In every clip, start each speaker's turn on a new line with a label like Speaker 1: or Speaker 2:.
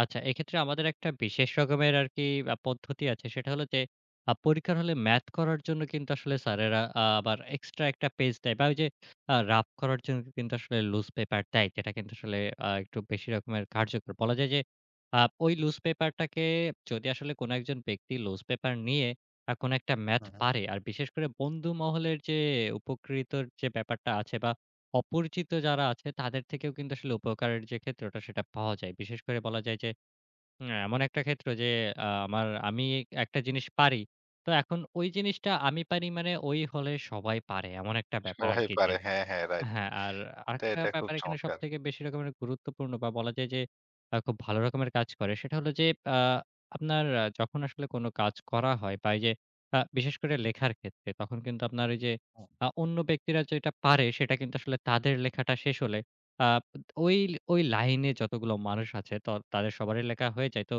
Speaker 1: আচ্ছা। এক্ষেত্রে আমাদের একটা বিশেষ রকমের আরকি আ পদ্ধতি আছে। সেটা হলো যে, আ পরীক্ষার হলে ম্যাথ করার জন্য কিন্তু আসলে স্যারেরা অ্যা আবার এক্সট্রা একটা পেজ দেয় বা ওই যে আ রাফ করার জন্য কিন্তু আসলে লুজ পেপার দেয়। যেটা কিন্তু আসলে অ্যা একটু বেশি রকমের কার্যকর। বলা যায় যে, অ্যা ওই লুজ পেপার টাকে যদি আসলে কোন একজন ব্যক্তি লুজ পেপার নিয়ে আ কোন একটা ম্যাথ
Speaker 2: হ্যাঁ, হ্যাঁ।
Speaker 1: পারে। আর বিশেষ করে বন্ধু মহলের যে উপকৃতর যে ব্যাপারটা আছে বা অপরিচিত যারা আছে তাদের থেকেও কিন্তু আসলে উপকারের যে ক্ষেত্রেটা সেটা পাওয়া যায়। বিশেষ করে বলা যায় যে, আ এমন একটা ক্ষেত্র। যে, আ আমার আমি একটা জিনিস পারি। তো এখন ওই জিনিসটা আমি পারি মানে ওই হলে সবাই পারে। এমন একটা ব্যাপার
Speaker 2: সবাই
Speaker 1: আরকি যে।
Speaker 2: পারে। হ্যাঁ, হ্যাঁ। রাইট
Speaker 1: হ্যাঁ। আর
Speaker 2: এটা,
Speaker 1: আরেকটা
Speaker 2: এটা, খুব
Speaker 1: ব্যাপার এখানে
Speaker 2: চমৎকার।
Speaker 1: সবথেকে বেশি রকমের গুরুত্বপূর্ণ বা বলা যায় যে, আ খুব ভালো রকমের কাজ করে। সেটা হলো যে, আ আপনার যখন আসলে কোন কাজ করা হয় বা এই যে, আ বিশেষ করে লেখার ক্ষেত্রে, তখন কিন্তু আপনার ওই যে,
Speaker 2: হ্যাঁ।
Speaker 1: আ অন্য ব্যক্তিরা যেটা পারে সেটা কিন্তু আসলে তাদের লেখাটা শেষ হলে আ বা ওই, ওই, লাইনে যতগুলো মানুষ আছে তর তাদের সবারই লেখা হয়ে যায়। তো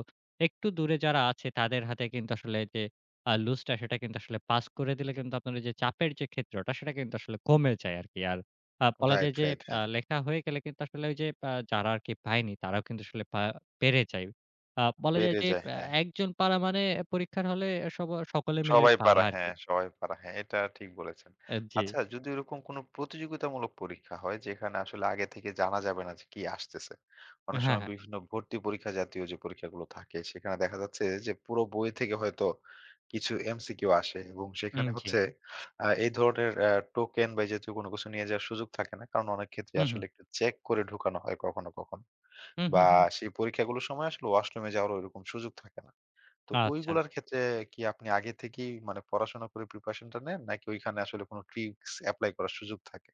Speaker 1: একটু দূরে যারা আছে তাদের হাতে কিন্তু আসলে যে অ্যা লুজটা সেটা কিন্তু আসলে পাস করে দিলে কিন্তু, আপনার যে চাপের যে ক্ষেত্রটা। সেটা কিন্তু আসলে কমে যায় আরকি। আর আ বলা
Speaker 2: রাইট।
Speaker 1: যায় যে,
Speaker 2: রাইট।
Speaker 1: অ্যা
Speaker 2: হ্যাঁ।
Speaker 1: লেখা হয়ে গেলে কিন্তু আসলে ওই যে আ যারা আরকি পায়নি তারাও কিন্তু আসলে পা পেরে যায়। অ্যা বলা যায়
Speaker 2: পেরে
Speaker 1: যে,
Speaker 2: যায়,
Speaker 1: অ্যা
Speaker 2: হ্যাঁ।
Speaker 1: একজন পারা মানে, পরীক্ষার হলে আ সব সকলে মিলে
Speaker 2: সবাই
Speaker 1: পারা
Speaker 2: পারা,
Speaker 1: আরকি।
Speaker 2: হ্যাঁ সবাই পারা, হ্যাঁ এটা ঠিক বলেছেন।
Speaker 1: অ্যা জি।
Speaker 2: আচ্ছা যদি ওইরকম কোন প্রতিযোগিতামূলক পরীক্ষা হয়। যেখানে আসলে আগে থেকে জানা যাবে না যে কি আসতেছে। অনেক
Speaker 1: হ্যাঁ,
Speaker 2: সময়
Speaker 1: হ্যাঁ।
Speaker 2: বিভিন্ন ভর্তি পরীক্ষা জাতীয় যে পরীক্ষাগুলো থাকে। সেখানে দেখা যাচ্ছে যে, পুরো বই থেকে হয়তো কিছু এমসিকিউ আসে এবং সেখানে
Speaker 1: হুম, জি।
Speaker 2: হচ্ছে অ্যা এই ধরনের অ্যা টোকেন বা এইজাতীয় কোন কিছু নিয়ে যাওয়ার সুযোগ থাকে না। কারণ অনেক ক্ষেত্রে
Speaker 1: হু,
Speaker 2: আসলে
Speaker 1: হু।
Speaker 2: একটু চেক করে ঢুকানো হয়। কখনো, কখনো।
Speaker 1: হু, হু,
Speaker 2: বা
Speaker 1: হু।
Speaker 2: সেই পরীক্ষাগুলোর সময় আসলে ওয়াশরুমে যাওয়ারও ঐরকম সুযোগ থাকে না। তো
Speaker 1: আচ্ছা।
Speaker 2: ওইগুলোর ক্ষেত্রে কি আপনি আগে থেকেই মানে পড়াশোনা করে প্রিপারেশন টা নেন? নাকি ঐখানে আসলে কোন ট্রিকস এপ্লাই করার সুযোগ থাকে?